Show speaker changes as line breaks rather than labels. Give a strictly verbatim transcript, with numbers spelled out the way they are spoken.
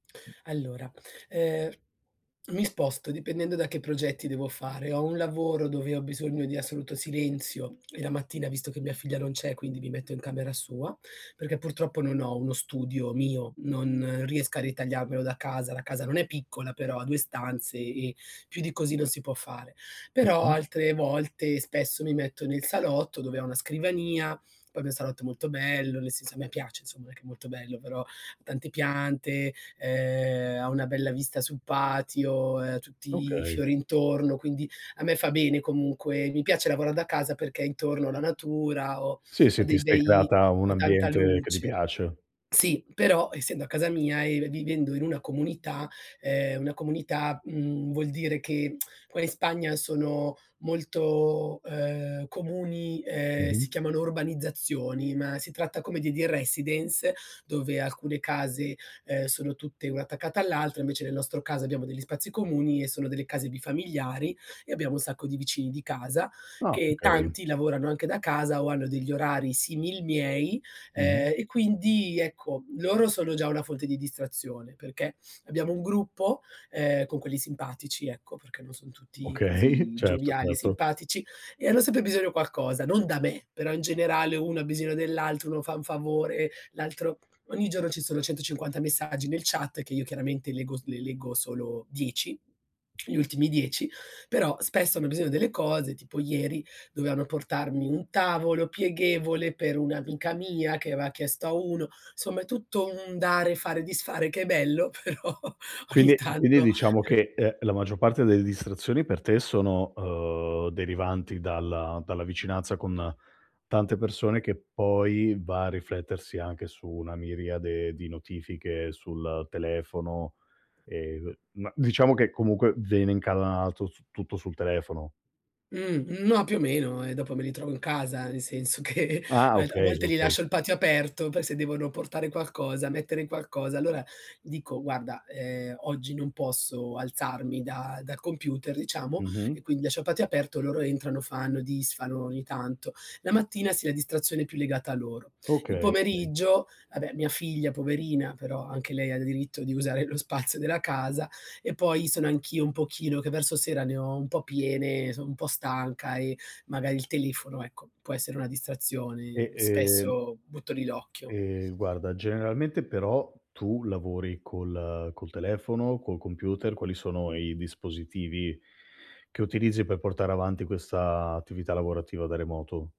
Allora, ehm, mi sposto, dipendendo da che progetti devo fare. Ho un lavoro dove ho bisogno di assoluto silenzio e la mattina visto che mia figlia non c'è, e quindi mi metto in camera sua, perché purtroppo non ho uno studio mio, non riesco a ritagliarmelo da casa, la casa non è piccola però, ha due stanze e più di così non si può fare. Però
Mh-mh.
altre volte spesso mi metto nel salotto, dove ho una scrivania, poi il mio salotto è molto bello, nel senso a me piace insomma, perchè molto bello. Però tante piante, ehm, ha una bella vista sul patio, ehm, tutti i
Okay.
fiori intorno, quindi a me fa bene comunque. Mi piace lavorar da casa perché intorno ho la natura ho
Sì,
ho
sì, ti
dei
sei
bei
creata un
ho tanta
ambiente che ti
luce.
piace.
Sì, però, essendo a casa mia e v vivendo in una comunità ehm, una comunità mhmm, vuol dire che qua in Spagna sono molto, ehm, comuni, uhm, si
Mh-mh.
chiamano urbanizzazioni, ma si tratta come de dei residence dove alcune case, Uhm, sono tutte una attaccata all'altra, invece nel nostro caso abbiamo degli spazi comuni e sono delle case bifamiliari e abbiamo un sacco di vicini di casa
Ah,
che
okay.
tanti lavorano anche da casa o hanno degli orari simil miei.
Mh-mh.
Ehm e quindi ecco loro sono già una fonte di distrazione perché abbiamo un gruppo, ehm, con quelli simpatici ecco, perché non son tutti
Okay,
così
certo
gioviali e
certo.
simpatici e hanno sempre bisogno qualcosa, non da me, però in generale uno ha bisogno dell'altro, uno fa un favore, l'altro ogni giorno ci sono centocinquanta messaggi nel chat, che io chiaramente leggo s le leggo solo dieci, gli ultimi dieci, però spesso hanno bisogno delle cose, tipo ieri dovevano portarmi un tavolo pieghevole per un'amica mia che aveva chiesto a uno. Insomma è tutto un dare, fare, disfare che è bello, però
Quindi
ogni
e quindi
tanto
diciamo che, ehm, la maggior parte delle distrazioni per te sono, uhm, derivanti dalla dalla vicinanza con tante persone che poi va a riflettersi anche su una miriade di notifiche sul telefono e co ma diciamo che comunque vene incalanato su tutto sul telefono.
Mh, mhmm, ma più o meno e dopo me li trovo in casa, nel senso che
Ah,
alt a
okay,
volte li
okay.
lascio il patio aperto per se devono portare qualcosa, mettere qualcosa, allora dico guarda, ehm, oggi non posso alzarmi da dal computer, diciamo,
Mh-mh.
e quindi lascio il patio aperto, loro entrano, fanno, disfano ogni tanto. La mattina, sì, la distrazione è più legata a loro. Il
Okay okay.
pomeriggio, vabbè mia figlia poverina, però anche lei ha diritto di usare lo spazio della casa e poi sono anch'io un pochino che verso sera ne ho un po' piene, sono un po' stanca e magari il telefono, ecco, può essere una
E
distrazione.
ehm
Spesso butto lì l'occhio.
ehm, guarda, generalmente però tu lavori col col telefono, col computer, quali sono i dispositivi che utilizzi per portare avanti questa attività lavorativa da remoto?